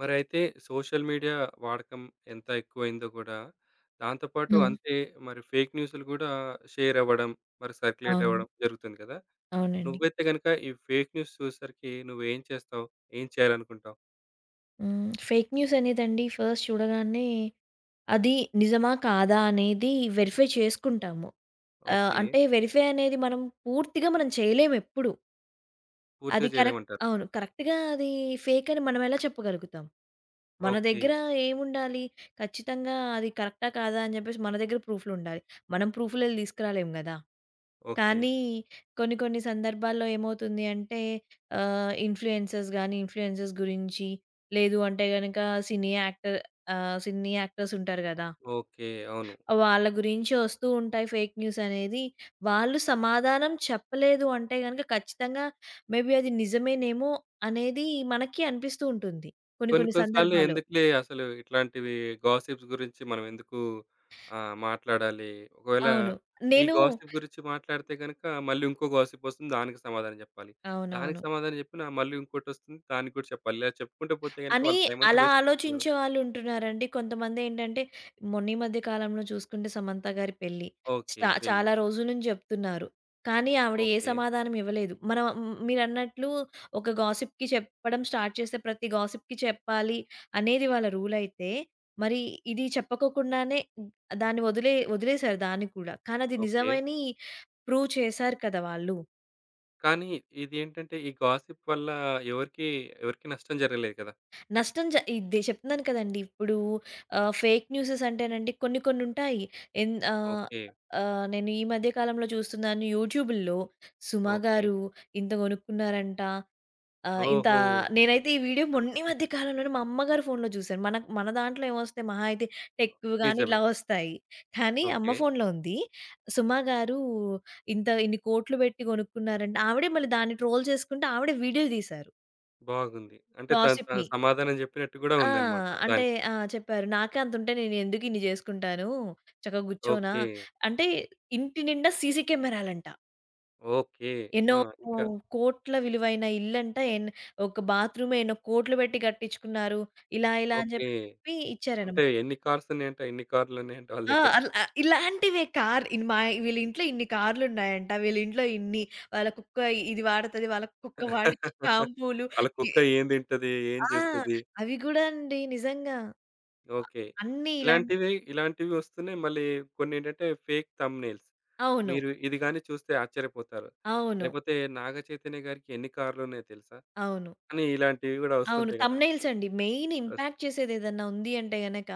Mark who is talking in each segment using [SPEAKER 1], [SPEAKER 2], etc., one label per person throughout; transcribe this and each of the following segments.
[SPEAKER 1] మరైతే social media వాడకం ఎంత ఎక్కువయిందో గూడా, దాంతోపాటు
[SPEAKER 2] హ్మ్.
[SPEAKER 1] అంతే మరి ఫేక్ న్యూసులు గూడా షేరవ్వడం, మరి
[SPEAKER 2] అవును.
[SPEAKER 1] సర్క్యులేటవ్వడం, జరుగుతుంది గదా!
[SPEAKER 2] అవునండి.
[SPEAKER 1] నువ్వైతే గనుక ఈ ఫేక్ న్యూస్ చూసేసరికి నువ్వేం చేస్తావు? ఏం చేయాలనుకుంటావు?
[SPEAKER 2] హ్మ్. ఫేక్ న్యూస్ అనేదండి, ఫస్ట్ చూడగానే అది నిజమా? కాదా? అనేది వెరిఫై చేసుకుంటాము. ఆహ్,
[SPEAKER 1] ఓకే.
[SPEAKER 2] అంటే, వెరిఫై అనేది మనం పూర్తిగా మనం చేయలేమెప్పుడు.
[SPEAKER 1] పూర్తిగా
[SPEAKER 2] అది కరెక్ట్.
[SPEAKER 1] జేయలేమంటారు.
[SPEAKER 2] అవును. కరెక్ట్‌గా అది ఫేకని మనం ఎలా చెప్పగలుగుతాం? మన
[SPEAKER 1] ఓకే.
[SPEAKER 2] దగ్గర ఏముండాలి? ఖచ్చితంగా అది కరెక్టా, కాదా అని జెప్పేసి మన దగ్గర ప్రూఫులు ఉండాలి. మనం ప్రూఫులెళ్ళి తీసుకురాలేము గదా!
[SPEAKER 1] ఓకే.
[SPEAKER 2] కానీ, కొన్ని కొన్ని సందర్భాల్లో ఏమవుతుంది అంటే, ఆహ్, ఇన్‌ఫ్లుయెన్సర్స్ గాని, ఇన్‌ఫ్లుయెన్సర్స్ గురించి, లేదు అంటే గనుక సినీ యాక్టర్ ఆహ్, సినీ యాక్టర్స్ ఉంటారు గదా!
[SPEAKER 1] ఓకే. అవును.
[SPEAKER 2] వాళ్ళ గురించి వస్తూ ఉంటాయి ఫేక్ న్యూసనేది, వాళ్ళు సమాధానం చెప్పలేదు అంటే గనుక, ఖచ్చితంగా మే బీ అది నిజమేనేమో అనేది మనకీ అనిపిస్తూ ఉంటుంది కొన్ని
[SPEAKER 1] కొన్ని
[SPEAKER 2] కొన్ని
[SPEAKER 1] కొన్నిసార్లు
[SPEAKER 2] సందర్భాలో.
[SPEAKER 1] ఎందుకులే, అసలు ఇట్లాంటివి గాసిప్స్ గురించి మనం ఎందుకు ఆహ్, మాట్లాడాలి. ఒకవేళ
[SPEAKER 2] అవును.
[SPEAKER 1] ఈ
[SPEAKER 2] నేను
[SPEAKER 1] గాసిప్ గురించి మాట్లాడితే గనుక, మళ్ళీ ఇంకో గాసిప్ వస్తుంది దానికి సమాధానం జెప్పాలి. దానికి
[SPEAKER 2] అవునవును.
[SPEAKER 1] సమాధానం జెప్పినా, మళ్ళీ ఇంకోటొస్తుంది దానికి కూడా చెప్పాలి. ఇలా చెప్పుకుంటూ పోతే గనుక,
[SPEAKER 2] అని
[SPEAKER 1] వాళ్ళ టైమంతా
[SPEAKER 2] అలా
[SPEAKER 1] వేస్టవుతుంది గదా!
[SPEAKER 2] ఆలోచించే వాళ్ళు ఉంటున్నారండి. కొంతమందేంటంటే, మొన్న ఈ మధ్య కాలంలో చూసుకుంటే సమంత గారి పెళ్లి
[SPEAKER 1] ఓకే.
[SPEAKER 2] స్టా
[SPEAKER 1] పెళ్లి.
[SPEAKER 2] చాలా రోజుల నుంచి జెప్తున్నారు. కానీ, ఆవిడ ఏ
[SPEAKER 1] ఓకే.
[SPEAKER 2] సమాధానం ఇవ్వలేదు. మనం మ్ మీరన్నట్లు ఒక గాసిప్‌కి చెప్పడం స్టార్ట్ చేస్తే ప్రతి గాసిప్‌కి చెప్పాలి అనేది వాళ్ళ రూలయితే, మరి ఇది చెప్పకోకుండానే, దాన్ని వదిలే వదిలేశారు దాన్ని కూడా. కానీ, అది
[SPEAKER 1] ఓకే.
[SPEAKER 2] నిజమని ప్రూవ్ చేశారు కదా! వాళ్ళు.
[SPEAKER 1] కానీ ఇదేంటంటే ఈ గాసిప్ వల్ల ఎవరికీ ఎవరికీ నష్టం జరగలేదు గదా!
[SPEAKER 2] నష్టం జ ఇదే చెప్తున్నాను కదండి! ఇప్పుడూ ఆహ్, ఫేక్ న్యూసెస్ అంటేనండి కొన్ని కొన్ని ఉంటాయి. ఎన్ ఆహ్,
[SPEAKER 1] ఓకే.
[SPEAKER 2] ఆహ్, నేను ఈ మధ్య కాలంలో చూస్తున్నాను యూట్యూబు‌ల్లొ 'సుమ'
[SPEAKER 1] ఓకే.
[SPEAKER 2] గారు ఇంత కొనుక్కున్నారంట. ఆహ్, ఇంత
[SPEAKER 1] ఓహొ!
[SPEAKER 2] నేనైతే ఈ వీడియో మొన్ని మధ్య కాలంలోనే మా అమ్మగారి ఫోన్‌లో జూశాను. మన మన దాంట్లో ఏమొస్తాయి మహా అయితే టెక్‌వి గాని
[SPEAKER 1] నిజమే.
[SPEAKER 2] ఇలా ఒస్తాయి. కానీ అమ్మ
[SPEAKER 1] ఓకే.
[SPEAKER 2] ఫోన్‌లో ఉంది. 'సుమ' గారు ఇంత ఇన్ని కోట్లు బెట్టి కొనుక్కున్నారంట ఆవిడే మళ్ళీ దాన్ని ట్రోల్ చేసుకుంట ఆవిడే వీడియో‌లు తీశారు.
[SPEAKER 1] బాగుంది. అంటే, తను తన
[SPEAKER 2] గాసిప్‌ని.
[SPEAKER 1] సమాధానం జెప్పినట్టు గూడా
[SPEAKER 2] ఆ!
[SPEAKER 1] ఉందన్నమాట
[SPEAKER 2] అంటే
[SPEAKER 1] దానికి.
[SPEAKER 2] ఆ! చెప్పారు. నాకే అంతుంటే నేనెందుకిన్ని జేసుకుంటాను. చక్కగా గూర్చోనా?
[SPEAKER 1] ఓకే.
[SPEAKER 2] అంటే, ఇంటి నిండా సీసీ కెమెరా‌లంట.
[SPEAKER 1] ఓకే.
[SPEAKER 2] ఎన్నో
[SPEAKER 1] ఆ!
[SPEAKER 2] కో
[SPEAKER 1] ఇంకా
[SPEAKER 2] కోట్ల విలువైన ఇల్లంట, ఎన్ "ఒక బాత్రూమ్ ఎన్నో కోట్లు బెట్టి కట్టించుకున్నారు." ఇలా ఇలా అని
[SPEAKER 1] ఓకే.
[SPEAKER 2] జెప్పి చెప్పి ఇచ్చారన్నమాట.
[SPEAKER 1] అంటే, ఎన్ని కార్స్ ఉన్నాయంట? ఎన్ని కార్లు ఉన్నాయంట వాళ్ళ
[SPEAKER 2] ఆ!
[SPEAKER 1] దెగ్గర?
[SPEAKER 2] అల ఆ ఇలాంటివే కార్ ఇ మ వీళ్ళింట్లో ఇన్ని కార్లున్నాయంట, వీళ్ళింట్లో ఇన్ని వాళ్ళ కుక్క ఇది వాడతది. వాళ్ళ కుక్క వాడే షాంపూలు.
[SPEAKER 1] ఆళ్ళ
[SPEAKER 2] ఎ
[SPEAKER 1] కుక్క ఏం తింటది? ఏం
[SPEAKER 2] ఆ!
[SPEAKER 1] జేస్తది?
[SPEAKER 2] అవి గూడా అండి నిజంగా
[SPEAKER 1] ఓకే.
[SPEAKER 2] అన్ని ఇలాంట్
[SPEAKER 1] ఇలాంటివి ఇలాంటివొస్తున్నాయి మళ్ళీ కొన్నేంటంటే ఫేక్ థంబ్‌నెయిల్స్.
[SPEAKER 2] అవును.
[SPEAKER 1] "మీరు ఇది గాని చూస్తే ఆశ్చర్యపోతారు."
[SPEAKER 2] అవును.
[SPEAKER 1] లేకపోతే "'నాగ చైతన్య' గారికి ఎన్ని కార్లున్నాయో తెలుసా?"
[SPEAKER 2] అవును.
[SPEAKER 1] అని ఇలాంటివి కూడా
[SPEAKER 2] అవును.
[SPEAKER 1] ఒస్తుంటాయి గదా!
[SPEAKER 2] థంబ్‌నెయిల్స్ అండి. మెయిన్
[SPEAKER 1] ఒస్త
[SPEAKER 2] ఇంపాక్ట్ చేసేదేదన్నా ఉంది అంటే గనక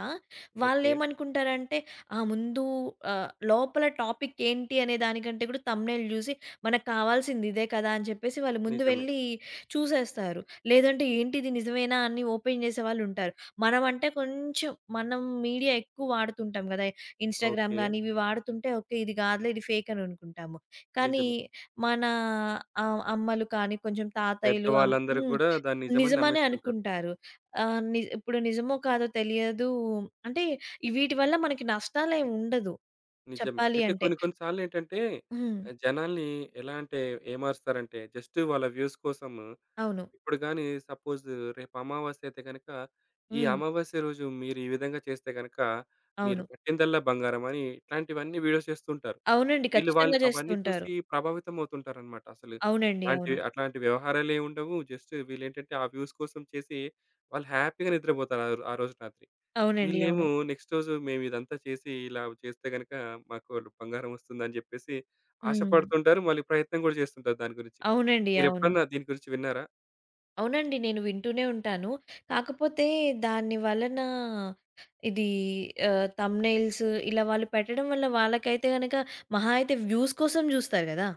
[SPEAKER 1] ఓకే.
[SPEAKER 2] వాళ్ళేమనుకుంటారంటే ఆహ్, ముందు ఆహ్, లోపల టాపిక్ ఏంటి అనే దానికంటే కూడా థంబ్‌నెయిల్ జూసి "మనకావాల్సింది ఇదే కదా!" అని చెప్పేసి వాళ్ళు ముందు
[SPEAKER 1] నిజమే.
[SPEAKER 2] వెళ్ళి చూసేస్తారు. లేదంటే "ఏంటిది నిజమేనా?" అని ఓపెన్ చేసేవాళ్ళుంటారు. మనం అంటే, కొంచెం మనం మీడియా ఎక్కువ వాడుతుంటాం కదా! Instagram
[SPEAKER 1] okay.
[SPEAKER 2] గాని ఇవి వాడుతుంటే ఒకే ఇది గాదులే ఇది ఫేక్ అని అనుకుంటాము. కానీ
[SPEAKER 1] నిజమే.
[SPEAKER 2] మన ఆహ్, అమ్మలు కానీ కొంచెం తాతయ్యలు అం
[SPEAKER 1] పెద్దవాళ్ళందరూ
[SPEAKER 2] హ్మ్
[SPEAKER 1] కూడా దాన్ని నిజమని
[SPEAKER 2] నిజమనే
[SPEAKER 1] నమ్మెస్తుంటారు.
[SPEAKER 2] అనుకుంటారు. ఆహ్, న్ ఇప్పుడు నిజమో కాదో తెలియదు అంటే వీటి వల్ల మనకి నష్టాలేమి ఉండదు
[SPEAKER 1] నిజమే.
[SPEAKER 2] చెప్పాలి
[SPEAKER 1] అయితే
[SPEAKER 2] అంటే.
[SPEAKER 1] కొన్ని కొన్ని సార్లేంటంటే, ఆ
[SPEAKER 2] హ్మ్.
[SPEAKER 1] జనాల్ని ఎలా అంటే, ఏ మారుస్తారంటే, జస్ట్ వాళ్ళ వ్యూస్ కోసం
[SPEAKER 2] అవును.
[SPEAKER 1] ఇప్పుడు గాని సపోజ్ రేపు అమావాస్య అయితే గనక, "ఈ
[SPEAKER 2] హ్మ్.
[SPEAKER 1] అమావాస్య రోజు మీరీ విధంగా చేస్తే గనక మీరు
[SPEAKER 2] అవును.
[SPEAKER 1] పట్టిందల్లా బంగారం" అని ఇట్లాంటివన్నీ వీడియోస్ చేస్తుంటారు.
[SPEAKER 2] అవునండి.
[SPEAKER 1] వీళ్ళు వాళ్ళు
[SPEAKER 2] ఖచ్చితంగా చేస్తూ
[SPEAKER 1] అవన్నీ
[SPEAKER 2] ఉంటారు.
[SPEAKER 1] చూసి ప్రభావితం అవుతుంటారన్నమాట. అసలు
[SPEAKER 2] అవునండి.
[SPEAKER 1] అలాంటి
[SPEAKER 2] అవును.
[SPEAKER 1] అట్లాంటి వ్యవహారాలేముండవు. జస్ట్ వీళ్ళేంటంటే ఆ వ్యూస్ కోసం చేసి, వాళ్ళు హ్యాపీ‌గా నిద్రపోతారు ఆరోజు రాత్రి.
[SPEAKER 2] అవునండి. అవును
[SPEAKER 1] వీళ్ళేమో నెక్స్ట్ రోజు మేమిదంతా చేసి ఇలా చేస్తే గనక మాకు బంగారం ఒస్తుందని జెప్పేసి
[SPEAKER 2] హ్మ్.
[SPEAKER 1] ఆశపడుతుంటారు. మళ్ళీ ప్రయత్నం కూడా చేస్తుంటారు దాని గురించి.
[SPEAKER 2] అవునండి.
[SPEAKER 1] మీరు
[SPEAKER 2] అవును.
[SPEAKER 1] ఎప్పుడన్నా దీని గురించి విన్నారా?
[SPEAKER 2] అవునండి. నేను వింటూనే ఉంటాను. కాకపోతే దాని వలన ఇది ఆ! థంబ్‌నెయిల్స్ ఇలా వాళ్ళు పెట్టడం వల్ల వాళ్ళకైతే గనక మహా అయితే వ్యూస్ కోసం జూస్తారు గదా!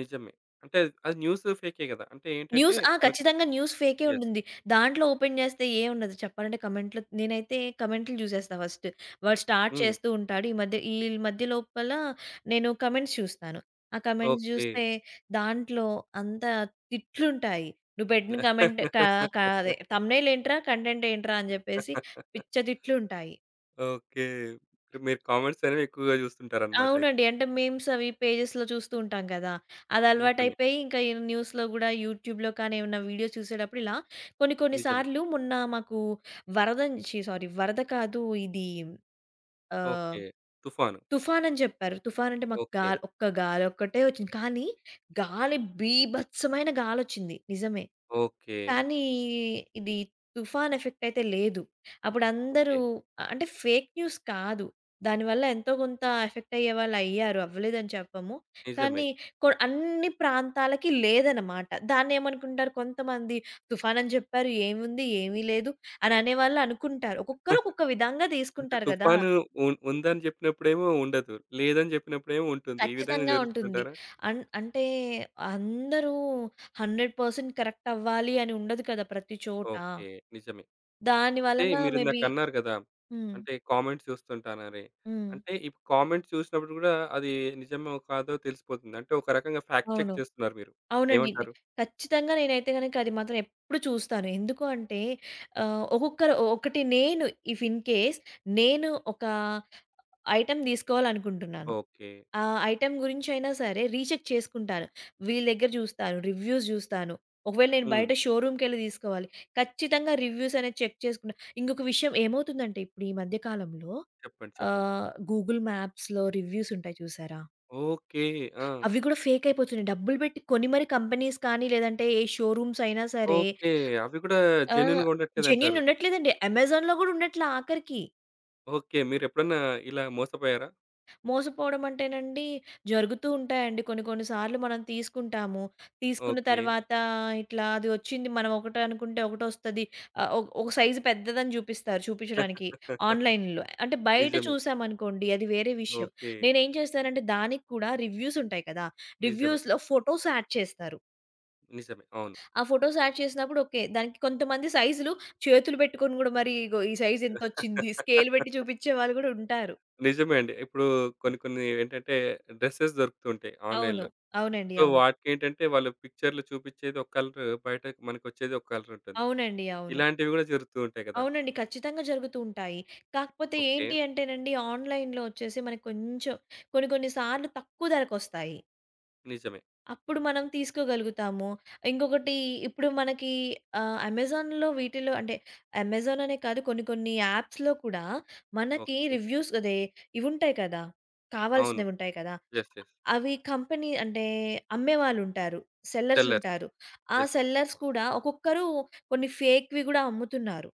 [SPEAKER 1] నిజమే. అంటే, అద్ ఆ న్యూసు ఫేకే గదా! అంటే ఏంటంటే
[SPEAKER 2] న్యూస్. ఆ!
[SPEAKER 1] వాళ్ళకు
[SPEAKER 2] ఖచ్చితంగా న్యూస్ ఫేకే
[SPEAKER 1] యెస్.
[SPEAKER 2] ఉంటుంది. దాంట్లో ఓపెన్ జేస్తే ఏం ఉండదు. చెప్పాలంటే కమెంట్‌లో నేనైతే కమెంట్‌లు జూసేస్తా ఫస్ట్. వాడు స్టార్ట్
[SPEAKER 1] హ్మ్.
[SPEAKER 2] చేస్తూ ఉంటాడు, ఈ మధ్య ఈ మధ్య లోపల నేను కమెంట్స్ చూస్తాను. ఆ కమెంట్స్
[SPEAKER 1] ఓకే.
[SPEAKER 2] జూస్తే దాంట్లో అంతా తిట్లుంటాయి. "నువ్వు పెట్టిన కమెంట్ కా కా అదే థంబ్‌నెయిల్ ఏంట్రా, కంటెంట్ ఏంట్రా" అని జెప్పేసి పిచ్చ తిట్లుంటాయి.
[SPEAKER 1] ఓకే. మీరు కామెంట్స్ అనేవి ఎక్కువగా జూస్తుంటారనమాట అయితే.
[SPEAKER 2] అవునండి. అంటే, మీమ్స్ అవి పేజెస్‌లో చూస్తూ ఉంటాం గదా!
[SPEAKER 1] నిజమే.
[SPEAKER 2] అదలవాటయిపోయి ఇంకా ఈ న్యూస్‌లో గూడా యూట్యూబ్‌లో కానీ, ఏవన్నా వీడియో చూసేటప్పుడు ఇలా కొన్ని
[SPEAKER 1] నిజమే.
[SPEAKER 2] కొన్నిసార్లు మొన్న మాకు వరదం ఛి! సారీ వరద కాదు ఇది ఆహ్,
[SPEAKER 1] ఓకే. తుఫాను.
[SPEAKER 2] తుఫానని జెప్పారు. తుఫాను అంటే మాకు గా
[SPEAKER 1] ఓకే.
[SPEAKER 2] ఒక్క గాలి ఒక్కటే వచ్చింది. కానీ గాలి బీభత్సమైన గాలి ఒచ్చింది నిజమే.
[SPEAKER 1] ఓకే.
[SPEAKER 2] కానీ ఇది తుఫాను ఎఫెక్ట్ అయితే లేదు. అప్పుడు అందరూ
[SPEAKER 1] ఓకే.
[SPEAKER 2] అంటే, ఫేక్ న్యూస్ కాదు. దానివల్ల ఎంతో కొంత ఎఫెక్ట్ అయ్యేవాళ్ళు అయ్యారు అవ్వలేదని చెప్పము.
[SPEAKER 1] నిజమే.
[SPEAKER 2] కానీ కొ అన్నీ ప్రాంతాలకి లేదనమాట. దాన్నేమనుకుంటారు కొంతమంది "తుఫానని జెప్పారు. ఏముంది? ఏమి లేదు." అని అనేవాళ్ళు అనుకుంటారు. ఒక్కొక్కరు ఒక్కొక్క విధంగా
[SPEAKER 1] అంటే,
[SPEAKER 2] తీసుకుంటారు గదా!
[SPEAKER 1] తుఫాను ఉ ఉందని జెప్పినప్పుడేమో ఉండదు, లేదని జెప్పినప్పుడేమో ఉంటుంది. ఈ విధంగా
[SPEAKER 2] ఖచ్చితంగా ఉంటుంది.
[SPEAKER 1] జరుగుతదంటారా?
[SPEAKER 2] అన్ అంటే, అందరూ 100 పర్సెంట్ కరెక్ట్ అవ్వాలి అని ఉండదు కదా! ప్రతి చోటా.
[SPEAKER 1] ఓకే. నిజమే.
[SPEAKER 2] దాని
[SPEAKER 1] అంటే
[SPEAKER 2] వలన
[SPEAKER 1] మీరిందాక
[SPEAKER 2] మేబీ
[SPEAKER 1] అన్నారు గదా!
[SPEAKER 2] హ్మ్.
[SPEAKER 1] అంటే, కామెంట్స్ చూస్తుంటానని.
[SPEAKER 2] హ్మ్.
[SPEAKER 1] అంటే, ఈ కామెంట్స్ చూసినప్పుడు గూడా అది నిజమో, కాదో, తెలిసిపోతుంది. అంటే, ఒక రకంగా ఫ్యాక్ట్
[SPEAKER 2] అవును.
[SPEAKER 1] చెక్ చేస్తున్నారు మీరు
[SPEAKER 2] అవునండయితే.
[SPEAKER 1] ఏమంటారు?
[SPEAKER 2] ఖచ్చితంగా నేనైతే గనుక అది మాత్రం ఎప్పుడు చూస్తాను. ఎందుకు అంటే, ఆహ్, ఒక్కొక్కరు ఒకటి నేను ఇఫ్ ఇన్‌కేస్ నేను ఒక ఐటమ్ దీసుకోవాలనుకుంటున్నాను,
[SPEAKER 1] ఓకే.
[SPEAKER 2] ఆ! ఐటమ్ గురించయినా సరే రీచెక్ చేసుకుంటాను. వీళ్ళ దగ్గర జూస్తారు, రివ్యూస్ జూస్తాను. ఒకవేళ నేను
[SPEAKER 1] హ్మ్.
[SPEAKER 2] బయట షోరూమ్‌కెళ్లి దీసుకోవాలి, ఖచ్చితంగా రివ్యూస్ అనేది చెక్ చేసుకుంటా. ఇంకొక విషయం ఏమవుతుందంటే ఇప్పుడు ఈ మధ్య కాలంలో
[SPEAKER 1] చెప్పండి? చెప్పండి?
[SPEAKER 2] ఆహ్, గూగుల్ మ్యాప్స్‌లో రివ్యూస్ ఉంటాయి చూశారా
[SPEAKER 1] ఓకే. ఆ!
[SPEAKER 2] అవి గూడా ఫేకయిపోతున్నాయి. డబ్బులు బెట్టి కొని మరీ కంపెనీస్ కానీ లేదంటే, ఏ షోరూమ్స్ అయినా సరే
[SPEAKER 1] ఓకే. అవి గూడా
[SPEAKER 2] ఆ!
[SPEAKER 1] జెన్యూన్‌గా
[SPEAKER 2] జెన్యూన్
[SPEAKER 1] ఉండట్లేదంటారు.
[SPEAKER 2] ఉండట్లేదండి. అమెజాన్‌లో గూడా ఉండట్ల ఆఖరికి.
[SPEAKER 1] ఓకే. మీరెప్పుడన్నా ఇలా మోసపోయారా?
[SPEAKER 2] మోసపోడం అంటేనండి, జరుగుతూ ఉంటాయండి కొన్ని కొన్ని సార్లు మనం తీసుకుంటాము. తీసుకున్న
[SPEAKER 1] ఓకే.
[SPEAKER 2] తర్వాత ఇట్లా అది ఒచ్చింది మనం ఒకటనుకుంటే ఒకటొస్తది. ఆహ్, ఒ ఒక సైజు పెద్దదని జూపిస్తారు చూపిచ్చడానికి ఆన్‌లైన్‌లో. అంటే బయట
[SPEAKER 1] నిజమే.
[SPEAKER 2] చూసామనుకోండి అది వేరే విషయం.
[SPEAKER 1] ఓకే.
[SPEAKER 2] నేనేం చేస్తానంటే దానిక్కూడా రివ్యూస్ ఉంటాయి కదా!
[SPEAKER 1] నిజమే.
[SPEAKER 2] రివ్యూస్‌లో ఫోటోస్ యాడ్ చేస్తారు.
[SPEAKER 1] నిజమే. అవును.
[SPEAKER 2] ఆ ఫోటోస్ యాడ్ చేసినప్పుడు ఓకే. దానికి కొంతమంది సైజులు చేతులు బెట్టుకొని కూడా మరీ ఇగో ఈ సైజింతొచ్చింది, స్కేల్ బెట్టి చూపిచ్చే వాళ్ళు గూడుంటారు.
[SPEAKER 1] నిజమే అండి. ఇప్పుడూ
[SPEAKER 2] హ్మ్.
[SPEAKER 1] కొన్ని కొన్ని ఏంటంటే డ్రెసెస్ దొరుకుతూ ఉంటాయి,
[SPEAKER 2] అవును.
[SPEAKER 1] ఆన్‌లైన్‌లో.
[SPEAKER 2] అవునండి.
[SPEAKER 1] సో,
[SPEAKER 2] అవును.
[SPEAKER 1] వాటికేంటంటే వాళ్ళు పిక్చర్‌లో చూపిచ్చేది ఒక కలరు. బయటకి మనకొచ్చేది ఒక కలరుంటుంది.
[SPEAKER 2] అవునండి. అవును.
[SPEAKER 1] ఇలాంటివి గూడా జరుగుతూ ఉంటాయి గదా!
[SPEAKER 2] అవునండి. ఖచ్చితంగా జరుగుతూ ఉంటాయి. కాకపోతే
[SPEAKER 1] ఓకే.
[SPEAKER 2] ఏంటి అంటేనండి ఆన్‌లైన్‌లో ఒచ్చేసి మనకి కొంచెం కొన్ని కొన్ని సార్లు తక్కువ ధరకొస్తాయి.
[SPEAKER 1] నిజమే.
[SPEAKER 2] అప్పుడు మనం తీసుకోగలుగుతాము. ఇంగొకటి ఇప్పుడు మనకి ఆహ్, అమెజాన్‌లో వీటిల్లో అంటే, అమెజాన్ అనే కాదు కొన్ని కొన్ని యాప్స్‌లో కూడా మనకి
[SPEAKER 1] ఓకే.
[SPEAKER 2] రివ్యూస్ అదే ఇవుంటాయి కదా!
[SPEAKER 1] అవును.
[SPEAKER 2] కావాల్సినవి ఉంటాయి కదా!
[SPEAKER 1] Yes, yes.
[SPEAKER 2] అ అవి కంపెనీ అంటే, అమ్మేవాళ్ళుంటారు,
[SPEAKER 1] సెల్లర్స్.
[SPEAKER 2] సెల్లర్సుంటారు. ఆ
[SPEAKER 1] యెస్.
[SPEAKER 2] సెల్లర్స్ కూడా ఒక్కొక్కరు కొన్ని ఫేక్‌వి గూడా అమ్ముతున్నారు.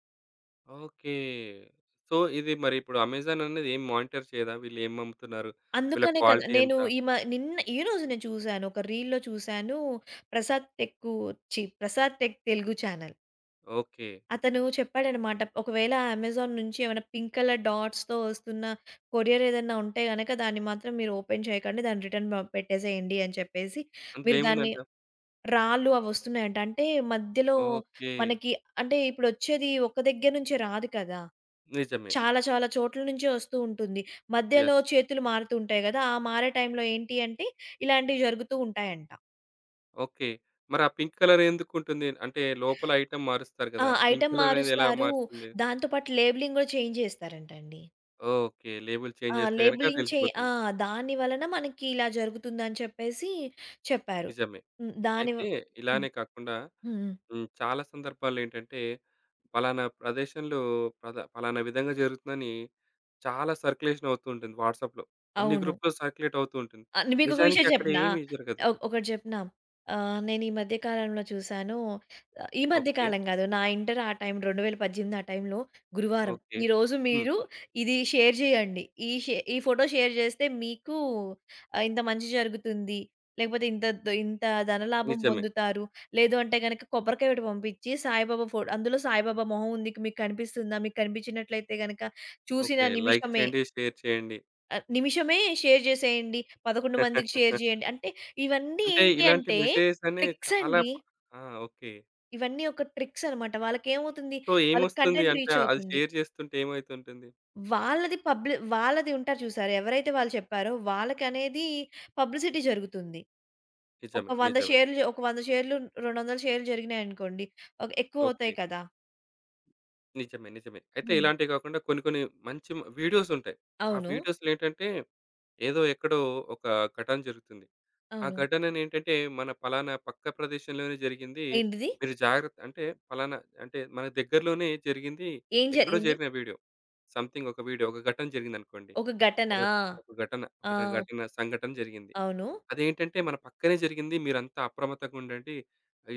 [SPEAKER 1] ఓకే. సో, ఇది మరి ఇప్పుడు అమెజాన్ అన్నది ఏం మానిటర్ చేయదా? వీళ్ళు ఏం పంపుతున్నారు. వీళ్ళ
[SPEAKER 2] అందుకనే కదా!
[SPEAKER 1] క్వాలిటీ ఎంత?
[SPEAKER 2] నేను ఈమ నిన్న ఈరోజు నేను చూసాను, ఒక రీల్‌‌లో చూసాను. ప్రసాద్ టెక్కూ ఛి Prasad tech Telugu channel.
[SPEAKER 1] Okay.
[SPEAKER 2] అతను చెప్పాడన్నమాట. "ఒకవేళ అమెజాన్ నుంచి ఏమైనా పింక్ కలర్ డాట్స్‌తో వస్తున్న, కొరియరేదన్నా ఉంటే గనుక, దాన్ని మాత్రం మీరు ఓపెన్ చేయకండి. దాన్ని రిటర్న్ ప పెట్టేసేయండి," అని చెప్పేసి
[SPEAKER 1] అందులో
[SPEAKER 2] మీరు దాన్ని
[SPEAKER 1] ఏముందంట.
[SPEAKER 2] రాళ్లు అవొస్తున్నాయంట. అంటే మధ్యలో
[SPEAKER 1] ఓకే.
[SPEAKER 2] మనకి అంటే ఇప్పుడొచ్చేది ఒక దగ్గర నుంచే రాదు కదా!
[SPEAKER 1] నిజమే.
[SPEAKER 2] చాలా, చాలా చోట్ల నుంచే వస్తూ ఉంటుంది.
[SPEAKER 1] యెస్.
[SPEAKER 2] మధ్యలో చేతులు మారుతూంటాయి కదా. ఆ మారే టైంలో ఏంటంటే, ఇలాంటివి జరుగుతూ ఉంటాయంట.
[SPEAKER 1] ఓకే. మరి ఆ పింక్ కలరే ఎందుకు ఉంటుంది? అంటే లోపల ఐటెమ్ మారుస్తారు
[SPEAKER 2] ఆ!
[SPEAKER 1] కదా. పింక్
[SPEAKER 2] ఐటెమ్
[SPEAKER 1] లాగా ఎలా
[SPEAKER 2] మారుస్తారు.
[SPEAKER 1] మారుతుంది?
[SPEAKER 2] దాంతో పాటు లేబెలింగ్ కూడా చేంజ్ చేస్తారంటండి.
[SPEAKER 1] ఓకే. లేబెల్
[SPEAKER 2] ఆ!
[SPEAKER 1] చేంజ్ చేస్తే గనుక
[SPEAKER 2] లేబెలింగ్ చే ఆ!
[SPEAKER 1] తెలిసిపోతుంది.
[SPEAKER 2] దాని వలన మనకి ఇలా జరుగుతుందని చెప్పేసి చెప్పారు.
[SPEAKER 1] నిజమే.
[SPEAKER 2] హ్మ్. దాని వ
[SPEAKER 1] అయితే
[SPEAKER 2] హ్మ్.
[SPEAKER 1] ఇలానే కాకుండా
[SPEAKER 2] హుహు.
[SPEAKER 1] హ్మ్, చాలా సందర్భాల్లో ఏంటంటే, పలానా ప్రదేశంలో ప్రద పలానా విధంగా జరుగుతుందని, చాలా సర్క్యులేషన వుతూ ఉంటుంది. వాట్సాప్‌లో అన్ని
[SPEAKER 2] అవును.
[SPEAKER 1] గ్రూపూలో సర్క్యులేటవుతూ ఉంటుంది.
[SPEAKER 2] ఆ! మీకొక
[SPEAKER 1] నిజానికి
[SPEAKER 2] విషయం
[SPEAKER 1] అక్కడ
[SPEAKER 2] చెప్పనా?
[SPEAKER 1] ఏమి జరగదు.
[SPEAKER 2] ఓ ఒకటి చెప్పనా, అహ్, నేనీ మధ్య కాలంలో చూసాను ఈ మధ్య
[SPEAKER 1] ఓకే.
[SPEAKER 2] కాలం కాదు, నా ఇంటర్ ఆ టైం, 2018లో ఆ టైంలో, గురువారం
[SPEAKER 1] ఓకే.
[SPEAKER 2] ఈరోజు
[SPEAKER 1] హ్మ్.
[SPEAKER 2] మీరు ఇది షేర్ చేయండి. ఈ షే ఫోటో షేర్ చేస్తే మీకు ఆహ్, ఇంత మంచి జరుగుతుంది. లేకపోతే ఇంత ద్ ఇంత ధనలాభం
[SPEAKER 1] నిజమే.
[SPEAKER 2] పొందుతారు. లేదంటే గనక, కొబ్బరికాయ ఒకటి పంపించి, సాయిబాబా ఫో అందులో సాయిబాబా మొహముంది. మీకు కనిపిస్తుందా, మీకు కనిపించినట్లయితే గనుక, చూసిన
[SPEAKER 1] ఓకే. లైక్
[SPEAKER 2] నిమిషమే
[SPEAKER 1] చేయండి, షేర్ చేయండి.
[SPEAKER 2] అ నిమిషమే షేర్ జేసేయండి. 11 మందికి షేర్ చేయండి. అంటే ఇవన్నీ
[SPEAKER 1] అంటే
[SPEAKER 2] ఏంటి
[SPEAKER 1] ఇలాంటి
[SPEAKER 2] అంటే
[SPEAKER 1] మెసేజ్‌స్ అని చాలా
[SPEAKER 2] ట్రిక్సండి.
[SPEAKER 1] ఆ! ఓకే.
[SPEAKER 2] ఇవన్నీ ఒక ట్రిక్సన్నమాట. వాళ్ళకేమవుతుంది?
[SPEAKER 1] సో,
[SPEAKER 2] వాళ్ళకి
[SPEAKER 1] ఏమొస్తుంది
[SPEAKER 2] కంటెంట్
[SPEAKER 1] అంటే అది
[SPEAKER 2] రీచవుతుంది.
[SPEAKER 1] షేర్ చేస్తుంటే ఏమయితుంటుంది?
[SPEAKER 2] వాళ్ళది పబ్లి వాళ్ళది ఉంటారు చూశారా? ఎవరైతే వాళ్ళు చెప్పారో వాళ్ళకనేది పబ్లిసిటీ జరుగుతుంది. ఒక
[SPEAKER 1] నిజమే.
[SPEAKER 2] 100
[SPEAKER 1] నిజమే.
[SPEAKER 2] షేర్లు జ ఒక 100 షేర్లు, 200ల షేర్లు జరిగినాయనుకోండి ఒక ఎక్కువ
[SPEAKER 1] ఓకే.
[SPEAKER 2] అవుతాయి కదా!
[SPEAKER 1] నిజమే, నిజమే. అయితే
[SPEAKER 2] హ్మ్.
[SPEAKER 1] ఇలాంటివి కాకుండా కొన్ని కొన్ని మంచి మ వీడియోస్ ఉంటాయి. ఆ
[SPEAKER 2] అవును.
[SPEAKER 1] వీడియోస్‌లో ఏంటంటే ఏదో ఎక్కడో ఒక ఘటన జరుగుతుంది. ఆ
[SPEAKER 2] అవును.
[SPEAKER 1] ఘటన ఏంటంటే మన ఫలానా పక్క ప్రదేషంలోనే జరిగింది.
[SPEAKER 2] ఏంటిది
[SPEAKER 1] మీరు జాగ్రత్త అంటే ఫలానా అంటే మన దగ్గరలోనే జరిగింది. ఎక్కడో
[SPEAKER 2] జరిగింది?
[SPEAKER 1] జరిగిన వీడియో. సమెథింగ్ ఒక వీడియో. ఒక ఘటన జరిగిందనుకోండి.
[SPEAKER 2] ఒక ఘటన.
[SPEAKER 1] ఒకట ఒక ఘటన, ఒకట
[SPEAKER 2] ఆ!
[SPEAKER 1] ఘటన సంఘటన జరిగింది.
[SPEAKER 2] అవును.
[SPEAKER 1] అదేంటంటే మన పక్కనే జరిగింది. మీరంతా అప్రమత్తంగా ఉండండి.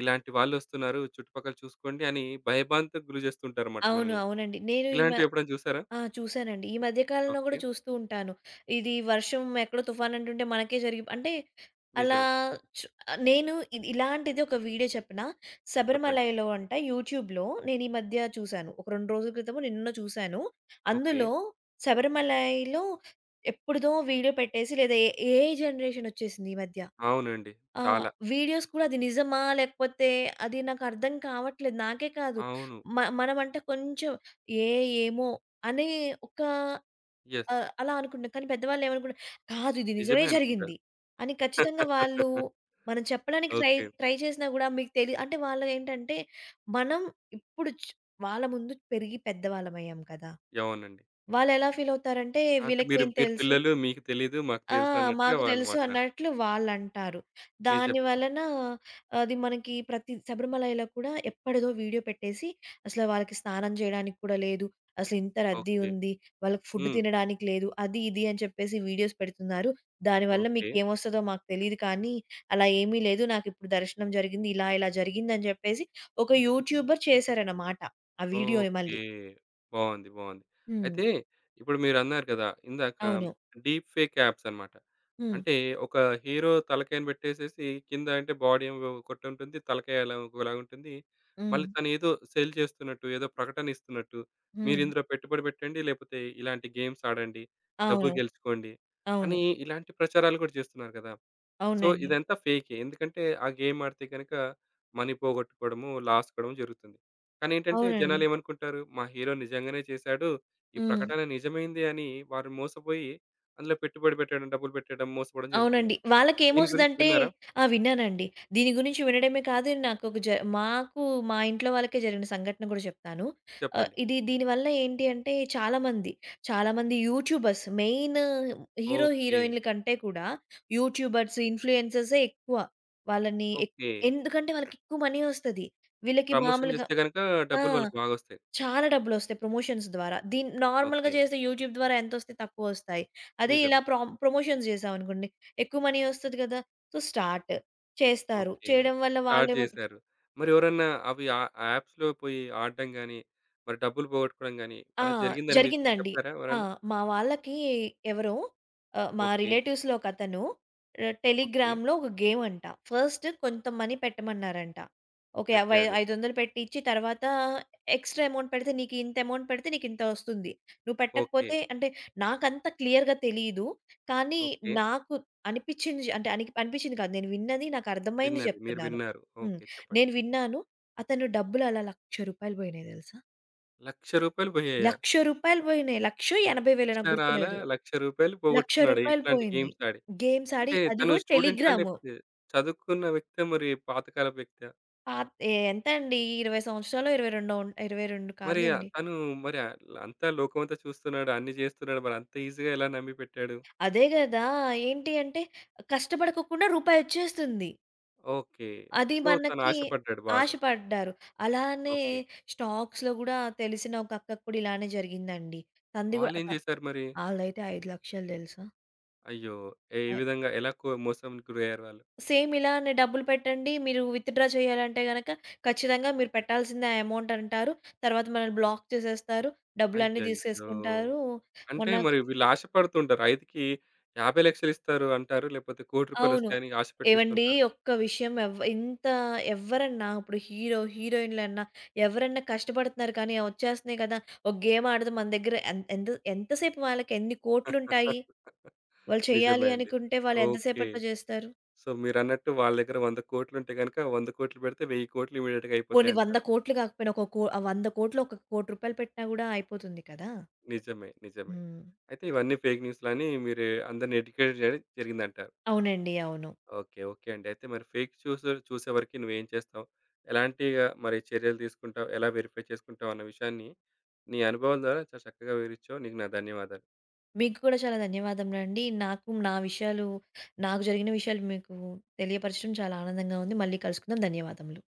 [SPEAKER 1] ఇలాంటి వాళ్ళొస్తున్నారు. చుట్టుపక్కల చూసుకోండి అని భయభాంతుకు గురిచేస్తూ ఉంటారన్నమాట
[SPEAKER 2] అవును,
[SPEAKER 1] మనల్ని.
[SPEAKER 2] అవునండి. నేను ఈమె
[SPEAKER 1] ఇలాంటివి ఎప్పుడైనా చూసారా?
[SPEAKER 2] ఆ చూసానండి. ఈ మధ్య కాలంలో కూడా
[SPEAKER 1] ఓకే.
[SPEAKER 2] చూస్తూ ఉంటాను. ఇది వర్షం, ఎక్కడో తుఫాను అంటుంటే మనకే జరిగి అంటే అలా
[SPEAKER 1] నిజమే.
[SPEAKER 2] నేను ఇది ఇలాంటిది ఒక వీడియో చెప్పన.
[SPEAKER 1] చెప్పండి.
[SPEAKER 2] శబరిమలైలో అంట యూట్యూబ్‌లో నేనీ మధ్య చూశాను. ఒక 2 రోజుల క్రితమో నిన్నో చూసాను.
[SPEAKER 1] ఓకే.
[SPEAKER 2] అందులో శబరిమలైలో ఎప్పుడుదో వీడియో పెట్టేసి లేదా ఏ ఏఐ జనరేషన్ వచ్చేసింది ఈ మధ్య.
[SPEAKER 1] అవునండి
[SPEAKER 2] ఆహ్,
[SPEAKER 1] చాలా.
[SPEAKER 2] వీడియోస్ కూడా అది నిజమా? లేకపోతే అది నాకర్థం కావట్లేదు. నాకే కాదు
[SPEAKER 1] అవును.
[SPEAKER 2] మ మనమంటే కొంచెం ఏ ఏమో అని ఒక
[SPEAKER 1] యెస్.
[SPEAKER 2] అహ్, అలా అనుకుంటున్నాం. కానీ పెద్దవాళ్ళు ఏమనుకుంటున్నారు? కాదు, ఇది నిజమే
[SPEAKER 1] నిజమే అనుకుంటారు.
[SPEAKER 2] జరిగింది అని ఖచ్చితంగా వాళ్ళు. మనం చెప్పడానికి ట్రై,
[SPEAKER 1] ఓకే.
[SPEAKER 2] ట్రై చేసినా కూడా మీకు తెలి అంటే వాళ్ళు ఏంటంటే మనం ఇప్పుడు చ్ వాళ్ళ ముందు పెరిగి పెద్దవాళ్ళం అయ్యాం కదా!
[SPEAKER 1] అవునండి.
[SPEAKER 2] వాళ్ళు ఎలా ఫీలవుతారంటే
[SPEAKER 1] అంటే "మీరు
[SPEAKER 2] వీళ్ళకేం
[SPEAKER 1] మీరు
[SPEAKER 2] తెలుసు?
[SPEAKER 1] పిల్లలు. మీకు తెలీదు. మాకు
[SPEAKER 2] ఆ!
[SPEAKER 1] తెలుసన్నట్టుగా"
[SPEAKER 2] మాకు
[SPEAKER 1] వాళ్ళు
[SPEAKER 2] తెలుసు
[SPEAKER 1] మాట్లాడతారు.
[SPEAKER 2] అన్నట్లు వాళ్ళంటారు.
[SPEAKER 1] మీరు
[SPEAKER 2] దాని
[SPEAKER 1] జెప్పండి.
[SPEAKER 2] వలన అది మనకి ప్రతి శబరిమలైలో కూడా ఎప్పటిదో వీడియో పెట్టేసి అసలు వాళ్ళకి స్నానం జేయడానికి కూడా లేదు. అసలింత రద్దీ
[SPEAKER 1] ఓకే.
[SPEAKER 2] ఉంది. వాళ్ళకి ఫుడ్
[SPEAKER 1] హ్మ్.
[SPEAKER 2] తినడానికి లేదు. అది ఇది అని చెప్పేసి వీడియోస్ పెడుతున్నారు. దానివల్ల మీకు
[SPEAKER 1] ఓకే.
[SPEAKER 2] ఏం వస్తదో మాకు తెలీదు కానీ అలా ఏమి లేదు. నాకిప్పుడు దర్శనం జరిగింది. ఇలా ఇలా జరిగింది అని జెప్పేసి ఒక యూట్యూబర్ చేశారన్నమాట. ఆ వీడియోని
[SPEAKER 1] ఓకే.
[SPEAKER 2] మళ్ళీ.
[SPEAKER 1] బావుంది. బావుంది.
[SPEAKER 2] హ్మ్.
[SPEAKER 1] అయితే ఇప్పుడు మీరన్నారు గదా! ఇందాక
[SPEAKER 2] అవును.
[SPEAKER 1] డీప్ ఫేక్ ఆప్సన్నమాట.
[SPEAKER 2] హ్మ్.
[SPEAKER 1] అంటే ఒక హీరో తలకాయని బెట్టేసేసి కింద అంటే బాడీ ఏమో ఒకటుంటుంది. తలకాయలాగా ఇంకోలాగుంటుంది. మళ్ళీ
[SPEAKER 2] హ్మ్.
[SPEAKER 1] తనేదో సెల్ చేస్తున్నట్టు, ఏదో ప్రకటన ఇస్తున్నట్టు, "మీరు
[SPEAKER 2] హ్మ్.
[SPEAKER 1] ఇందులో పెట్టుబడి బెట్టండి. లేకపోతే ఇలాంటి గేమ్స్ ఆడండి. డబ్బులు
[SPEAKER 2] అవును.
[SPEAKER 1] గెలుచుకోండి"
[SPEAKER 2] అవును.
[SPEAKER 1] అని ఇలాంటి ప్రచారాలు గూడా చేస్తున్నారు గదా! సో,
[SPEAKER 2] అవునండి.
[SPEAKER 1] ఇదంతా ఫేకే. ఎందుకంటే ఆ గేమ్ ఆడితే గనక మనీ పోగొట్టుకోవడము, లాస్ కావడం జరుగుతుంది. కానేంటంటే
[SPEAKER 2] అవునండి.
[SPEAKER 1] జనాలేమనుకుంటారు? "మా హీరో నిజంగానే చేశాడు. ఈ
[SPEAKER 2] హ్మ్.
[SPEAKER 1] ప్రకటన నిజమైంది" అని వారు మోసపోయి అందులో పెట్టుబడి బెట్టడం, డబ్బులు బెట్టడం, మోసపోవడం జరుగుతుంది
[SPEAKER 2] అవునండి
[SPEAKER 1] గదా! దీని
[SPEAKER 2] వాళ్ళకేమొస్తది
[SPEAKER 1] గురించి
[SPEAKER 2] అంటే
[SPEAKER 1] విన్నారా?
[SPEAKER 2] ఆ! విన్నానండి. దీని గురించి వినడమే కాదు, నాకొక జ మాకు మా ఇంట్లో వాళ్ళకే జరిగిన సంఘటన కూడా చెప్తాను. అహ్,
[SPEAKER 1] చెప్పండి.
[SPEAKER 2] ఇది దీని వల్ల ఏంటి అంటే చాలా మంది, చాలా మంది యూట్యూబర్స్ మెయిను హీరో
[SPEAKER 1] ఓకే.
[SPEAKER 2] హీరోయిన్ల కంటే కూడా యూట్యూబర్స్, ఇన్‌ఫ్లూయెన్సర్సే ఎక్కువ. వాళ్ళని ఎక్
[SPEAKER 1] ఓకే.
[SPEAKER 2] ఎందుకంటే వాళ్ళకెక్కువ మనీ వస్తది. వీళ్ళకి
[SPEAKER 1] ప్రమోషన్
[SPEAKER 2] మామూలుగా
[SPEAKER 1] జేస్తే గనక
[SPEAKER 2] ఆ!
[SPEAKER 1] డబ్బులు వాళ్ళకి బాగా వస్తాయి.
[SPEAKER 2] చాలా డబ్బులొస్తాయి ప్రమోషన్స్ ద్వారా. దీన్ని నార్మల్‌గా
[SPEAKER 1] ఓకే.
[SPEAKER 2] చేసే యూట్యూబ్ ద్వారా ఎంత వస్తాయ్ తక్కువ వస్తాయ్. అదే
[SPEAKER 1] నిజమే.
[SPEAKER 2] ఇలా ప్రామ్ ప్రమోషన్స్ జేసాం అనుకోండి. ఎక్కువ మనీ వస్తది గదా! So start. చేస్తారు.
[SPEAKER 1] ఓకే.
[SPEAKER 2] చేయడం వల్ల
[SPEAKER 1] స్టార్ట్
[SPEAKER 2] వాళ్ళెవోద
[SPEAKER 1] జేశారు. మరెవరన్నా అవి ఆహ్, ఆ ఆప్స్‌లో పోయి ఆడటం గాని, మరి డబ్బులు పోగొట్టుకోవడం గాని
[SPEAKER 2] ఆ!
[SPEAKER 1] అలా జరిగిందని మీరు
[SPEAKER 2] జరిగిందండి.
[SPEAKER 1] చెపారా
[SPEAKER 2] ఆ!
[SPEAKER 1] ఎవరన్నా?
[SPEAKER 2] మా వాళ్ళకి ఎవరో ఆహ్, మా
[SPEAKER 1] ఓకే.
[SPEAKER 2] రిలేటివ్స్‌లో ఒక అతను
[SPEAKER 1] ఓకే.
[SPEAKER 2] టెలిగ్రామ్‌లో ఒక గేమంట. ఫస్టు కొంత మనీ పెట్టమన్నారంట. ఒకే యవ్
[SPEAKER 1] పెట్టాడు.
[SPEAKER 2] 500 పెట్టిచ్చి, తర్వాత ఎక్స్‌ట్రా అమౌంట్ పెడితే నీకింత అమౌంట్ పెడితే నీకింత వస్తుంది. నువ్వు
[SPEAKER 1] ఓకే.
[SPEAKER 2] పెట్టకపోతే అంటే నాకంత క్లియర్‌గా తెలీదు. కానీ
[SPEAKER 1] ఓకే.
[SPEAKER 2] నాకు అనిపించింది జ అంటే అనిక్ అనిపించింది కాదు. నేను విన్నది నాకర్థమైంది
[SPEAKER 1] విన్నది మీరు
[SPEAKER 2] జెప్తున్నాను.
[SPEAKER 1] విన్నారు.
[SPEAKER 2] హ్మ్,
[SPEAKER 1] ఓకే చెప్పండి.
[SPEAKER 2] నేను విన్నాను. అతను డబ్బులలా రూ. 1,00,000 బొయినయ్ తెలుసా.
[SPEAKER 1] రూ. 1,00,000 పోయాయా?
[SPEAKER 2] రూ. 1,00,000 పోయినియి. లక్షో, ఎనభై వేలో నాకు
[SPEAKER 1] అక్షరాలా
[SPEAKER 2] గుర్తులేదు.
[SPEAKER 1] రూ. 1,00,000
[SPEAKER 2] లక్ష
[SPEAKER 1] పోగొట్టుకున్నాడు.
[SPEAKER 2] రూపాయలు
[SPEAKER 1] ఇట్లాంటి
[SPEAKER 2] పోయింది.
[SPEAKER 1] గేమ్స్ ఆడి.
[SPEAKER 2] గేమ్స్ ఆడి
[SPEAKER 1] అంటే
[SPEAKER 2] అది
[SPEAKER 1] తను
[SPEAKER 2] కూడా
[SPEAKER 1] స్టూడెంటా?
[SPEAKER 2] టెలిగ్రాము.
[SPEAKER 1] లేకపోతే చదువుకున్న వ్యక్తి మరి పాతకాలపు వ్యక్తా?
[SPEAKER 2] ఆ! ఏ ఎంతండి 20 సంవత్సరాలో ఇరవై రెండో ఉంటా 22
[SPEAKER 1] మరీ ఆ
[SPEAKER 2] కాదులెండి.
[SPEAKER 1] తను మరి అ అంతా లోకమంతా చూస్తున్నాడు, అన్ని జేస్తున్నాడు. మరి అంత ఈజిగా ఎలా నమ్మిపెట్టాడు.
[SPEAKER 2] అదే కదా! ఏంటి అంటే కష్టపడకోకుండా రూపాయోచ్చేస్తుంది.
[SPEAKER 1] ఓకే.
[SPEAKER 2] అది
[SPEAKER 1] సో, తను
[SPEAKER 2] మనకి
[SPEAKER 1] ఆశపడ్డాడు బాగా.
[SPEAKER 2] ఆశపడ్డారు. అలానే
[SPEAKER 1] ఓకే.
[SPEAKER 2] స్టాక్స్‌లో గూడా తెలిసిన ఒక అక్కకి కూడా ఇలానే జరిగిందండి. తంది గూ అ
[SPEAKER 1] వాళ్ళేం
[SPEAKER 2] అ
[SPEAKER 1] చేశారు మరి?
[SPEAKER 2] ఆల్డయితే 5,00,000 తెలుసా?
[SPEAKER 1] అయ్యో! ఏ
[SPEAKER 2] ఐ
[SPEAKER 1] విధంగా ఎలా కొ మోసంకి గురయ్యారు వాళ్ళు?
[SPEAKER 2] సేమ్ ఇలానే డబ్బులు పెట్టండి మీరు విత్‌డ్రా చేయాలంటే గనక ఖచ్చితంగా మీరు పెట్టాల్సిందే ఆ ఎమౌంట్ అంటారు. తర్వాత మనల్ని బ్లాక్ చేసేస్తారు. డబ్బులన్నీ
[SPEAKER 1] అయ్యయ్యో!
[SPEAKER 2] తీసేసుకుంటారూ.
[SPEAKER 1] అంటే
[SPEAKER 2] మొన్న
[SPEAKER 1] మరి వీళ్ళు ఆశపడుతుంటారు. ఐదికి, 50,00,000 ఇస్తారు అంటారు. లేకపోతే 1,00,00,000
[SPEAKER 2] అవును.
[SPEAKER 1] రూపాయలొస్తాయి అని ఆశ
[SPEAKER 2] ఏవండీ
[SPEAKER 1] పెట్టింస్తుంటారు.
[SPEAKER 2] ఒక్క విషయం ఎవ్వ ఇంత ఎవ్వరన్నా ఇప్పుడు హీరో హీరోయిన్‌లన్నా ఎవరన్నా కష్టపడుతున్నారు. కాని, ఒచ్చేస్తున్నాయి కదా ఒక గేమ్ ఆడదాం. మన దగ్గర ఎం ఎంత ఎంత సేపు వాళ్ళకి ఎన్ని కోట్లుంటాయి. వాళ్ళు
[SPEAKER 1] నిజమే
[SPEAKER 2] చెయ్యాలి
[SPEAKER 1] అండి.
[SPEAKER 2] అనుకుంటే వాళ్ళెంత
[SPEAKER 1] ఓకే.
[SPEAKER 2] సేపట్లో చేస్తారు?
[SPEAKER 1] సో, మీరన్నట్టు వాళ్ళ దగ్గర 100,00,00,000 ఉంటే గనక 100,00,00,000 పెడితే 1000,00,00,000 ఇమ్మీడియేట్‌గా
[SPEAKER 2] కొన్ని వంద
[SPEAKER 1] అయిపోతాయంటారు.
[SPEAKER 2] కోట్లు కాకపోయినా ఒక కో 100,00,00,000 ఒక 1,00,00,000 పెట్టినా గూడా అయిపోతుంది కదా!
[SPEAKER 1] నిజమే. నిజమే.
[SPEAKER 2] హ్మ్.
[SPEAKER 1] అయితే ఇవన్నీ ఫేక్ న్యూస్‌లని మీరు అందరిని ఎడ్యుకేట్ జరి జరిగిందంటారు.
[SPEAKER 2] అవునండి. అవును.
[SPEAKER 1] ఓకే. ఓకే. అండి. అయితే మరి ఫేక్ చూసు చూసే వరకి నువ్వేం చేస్తావు? ఎలాంటిగా మరి చర్యలు తీసుకుంటావు? ఎలా వెరిఫై చేసుకుంటావు అన్న విషయాన్ని నీ అనుభవం ద్వారా చాలా చక్కగా వివరించావు. నీకు నా ధన్యవాదాలు.
[SPEAKER 2] మీకు కూడా చాలా ధన్యవాదములండి. నాకు నా విషయాలు, నాకు జరిగిన విషయాలు మీకు తెలియపరచడం చాలా ఆనందంగా ఉంది. మళ్ళీ కలుసుకుందాం. ధన్యవాదములు.